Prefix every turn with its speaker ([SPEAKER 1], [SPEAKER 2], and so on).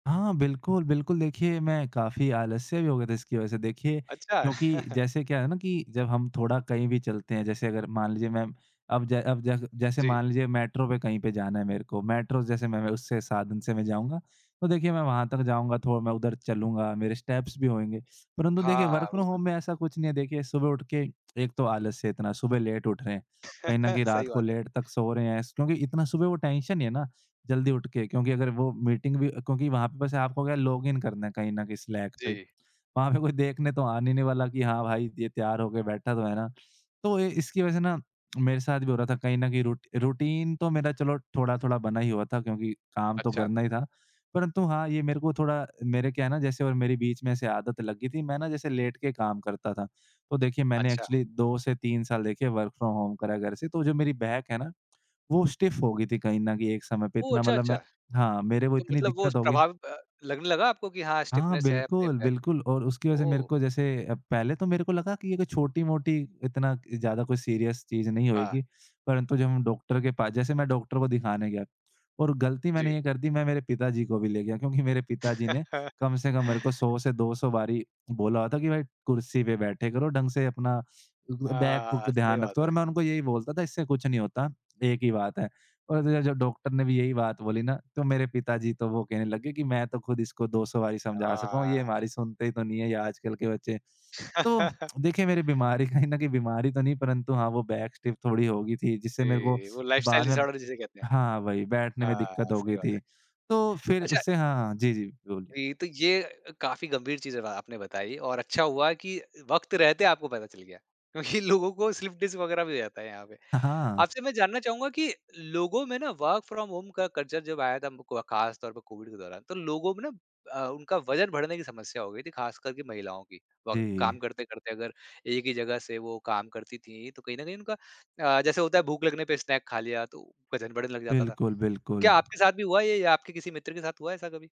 [SPEAKER 1] हाँ, बिल्कुल, बिल्कुल। देखिए, मैं काफ़ी आलस्य भी हो गया था इसकी वज़ह से। देखिए,
[SPEAKER 2] अच्छा।
[SPEAKER 1] क्योंकि जैसे क्या है ना कि जब हम थोड़ा कहीं भी चलते हैं, जैसे अगर मान लीजिए, मैं अब जै अब जै जैसे
[SPEAKER 2] जी।
[SPEAKER 1] मान लीजिए, मेट्रो पे कहीं पे जाना है मेरे को, मेट्रो जैसे मैं मैं उससे साधन से मैं जाऊँगा। तो देखिए, मैं वहाँ तक जाऊँगा, तो मैं उधर चलूँगा, मेरे स्टेप्स भी होएँगे। परंतु देखिए,
[SPEAKER 2] हाँ, हाँ,
[SPEAKER 1] वर्क फ्रॉम
[SPEAKER 2] बिल्कुल।
[SPEAKER 1] होम में ऐसा कुछ नहीं है। देखिए, सुबह उठ के एक तो आलस्य इतना, सुबह लेट उठ रहे हैं। कहीं न कहीं रात
[SPEAKER 2] सही
[SPEAKER 1] को
[SPEAKER 2] बात है।
[SPEAKER 1] लेट तक सो रहे हैं स क्योंकि इतना सुबह वो टेंशन नहीं है ना, जल्दी उठ के, क्योंकि अगर वो मीटिंग भी क्योंकि वहाँ पे बस आपको क्या है, लॉग इन करना है, कहीं न कहीं स्लैक पे।
[SPEAKER 2] जी।
[SPEAKER 1] वहाँ पे कोई देखने तो आने नहीं वाला कि हाँ, भाई, ये तैयार हो के बैठा तो है ना? तो ए इसकी वज़ह से ना, मेरे साथ भी हो रहा था, कहीं न कहीं रूट रूटीन तो मेरा, चलो, थोड़ा-थोड़ा बना ही हुआ था, क्योंकि काम तो
[SPEAKER 2] अच्छा।
[SPEAKER 1] करना ही था। परंतु हाँ, ये मेरे को थोड़ा मेरे क्या है ना, जैसे और मेरी बीच में ऐसे आदत लग गई थी, मैं ना, जैसे लेट के काम करता था। तो देखिए, मैंने
[SPEAKER 2] अच्छा।
[SPEAKER 1] एक्चुअली 2 से 3 साल, देखिए, वर्क फ्रॉम होम करा है घर से, तो जो मेरी बैक है ना, वो स्टिफ़ हो गई थी कहीं न कहीं एक समय पे।
[SPEAKER 2] ओह!
[SPEAKER 1] इतना
[SPEAKER 2] अच्छा,
[SPEAKER 1] मतलब
[SPEAKER 2] अच्छा।
[SPEAKER 1] मैं हाँ, मेरे वो
[SPEAKER 2] तो
[SPEAKER 1] इतनी
[SPEAKER 2] मतलब वो उस
[SPEAKER 1] दिक्कत हो गई
[SPEAKER 2] प्रभाव अ, लगने लगा आपको कि, "हाँ,
[SPEAKER 1] हाँ,
[SPEAKER 2] स्टिफ़नेस है अपने
[SPEAKER 1] बिल्कुल,
[SPEAKER 2] बैक
[SPEAKER 1] बिल्कुल और उसकी वजह
[SPEAKER 2] में।"
[SPEAKER 1] से मेरे
[SPEAKER 2] ओह!
[SPEAKER 1] को जैसे अ, पहले तो मेरे को लगा कि ये कोई छोटी-मोटी, इतना ज़्यादा कुछ सीरियस चीज़ नहीं
[SPEAKER 2] हाँ।
[SPEAKER 1] होएगी। परंतु जब हम डॉकटर के पास जैसे मैं डॉकटर को दिखाने गया, और गलती मैंने
[SPEAKER 2] जी।
[SPEAKER 1] ये कर दी, मैं मेरे पिताजी को भी ले गया, क्योंकि मेरे पिताजी ने कम से कम मेरे को 100 से 200 बारी बोला हुआ था कि, "भाई, कुर्सी पे बैठे करो ढंग से अपना। उदु अ, बैक बूक
[SPEAKER 2] हाँ, सही
[SPEAKER 1] ध्यान रख
[SPEAKER 2] बात
[SPEAKER 1] तू।"
[SPEAKER 2] है।
[SPEAKER 1] और मैं उनको यही बोलता था, "इससे कुछ नहीं होता, एक ही बात है।" और तो जब जब डॉकटर ने भी यही बात बोली ना, तो मेरे पिताजी तो वो कहने लग गए कि, "मैं तो खुद इसको 200 बारी समझा सका हूँ, ये
[SPEAKER 2] हाँ।
[SPEAKER 1] हमारी सुनते ही तो नहीं है, ये आजकल के बच्चे।" तो देखिए, मेरी बीमारी कहीं न कहीं बीमारी तो नहीं, परंतु हाँ, वो बैक स्टिफ़ थोड़ी हो गई थी, जिससे मेरे को
[SPEAKER 2] जी, वो लाइफ़स्टाइल
[SPEAKER 1] बाद में
[SPEAKER 2] डिसॉर्डर जिसे कहते हैं।
[SPEAKER 1] हाँ, वही बैठने में दिक्कत
[SPEAKER 2] हाँ,
[SPEAKER 1] हो गई
[SPEAKER 2] सही बात
[SPEAKER 1] थी।
[SPEAKER 2] है।
[SPEAKER 1] तो फिर
[SPEAKER 2] अच्छा।
[SPEAKER 1] उससे हाँ, हाँ। जी, जी, बिलकुल।
[SPEAKER 2] वी तो ये अ, काफ़ी गंभीर चीज़ अब आपने बताई और अच्छा हुआ कि वक़्त रहते आपको पता चल गया, क्योंकि लोगों को स्लिप डिस्क वग़ैरह भी हो जाता है यहाँ पे।
[SPEAKER 1] अ, हाँ।
[SPEAKER 2] आपसे मैं जानना चाहूँगा कि लोगों में ना, वर्क फ्रॉम होम का कल्चर जब आया था, हम को को अ, ख़ास तौर पे कोविड के दौरान, तो लोगों में ना अ, उनका वज़न बढ़ने की समस्या हो गई थी, खासकर कि महिलाओं की। व
[SPEAKER 1] जी।
[SPEAKER 2] काम करते-करते अगर एक ही जगह से वो काम करती थीं, तो कहीं न कहीं उनका अ, जैसे होता है, भूख लगने पे स्नैक खा लिया, तो वज़न बढ़ने लग जाता था।
[SPEAKER 1] बिल्कुल,
[SPEAKER 2] क्या
[SPEAKER 1] बिल्कुल।
[SPEAKER 2] आपके साथ भी हुआ ये, या आपके किसी मित्र के साथ हुआ ऐसा कभी?